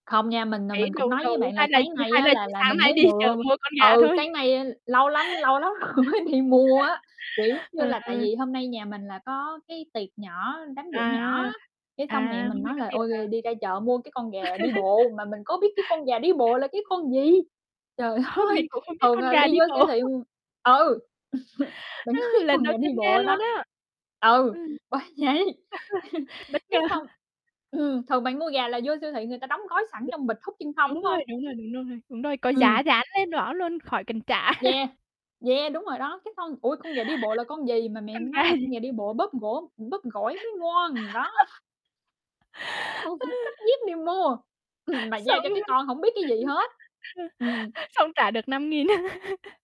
Không nha, mình, à, Khỉ mình đù cũng nói với đù bạn là hay là sáng nay hay á là là chỉ là sáng mình nay mới đi chợ vừa mua con gà ừ, thôi? sáng nay lâu lắm lâu lắm rồi mới đi mua á. Kiểu giống như Ờ. là, tại vì hôm nay nhà mình là có cái tiệc nhỏ, đám giỗ nhỏ À, á, cái à, xong mẹ mình hôm nay nói có là tiệc "Ôi, hả? r đi ra chợ mua cái con gà đi bộ", mà mình có biết cái con gà đi bộ là cái con gì? Trời Hôm, ơi! mình cũng không biết Thường, con à, gà đi đi vô bộ. siêu thị m ừ, mình có biết Lần con đầu gà đi tiên nghe bộ luôn đó á, ừ, ừm. bởi vậy, Bất ngờ. cái xong ừm, thường bạn mua gà là vô siêu thị người ta đóng gói sẵn B trong bịch hút chân không, đúng đúng hông? rồi, đúng rồi, đúng rồi, đúng rồi, có giá Ừm. dán lên đó luôn, khỏi cần trả. Yeah, yeah, đúng rồi đó, cái con ui, con gà đi bộ là con gì mà mẹ Con gà nói là "Con gì? gà đi bộ bóp gỗ bóp gỏi mới ngon", đó. [unintelligible] Xách dép đi mua, ừm, mà giao Xong cho cái con hổng biết cái gì hết. ừm. xong trả được 5.000.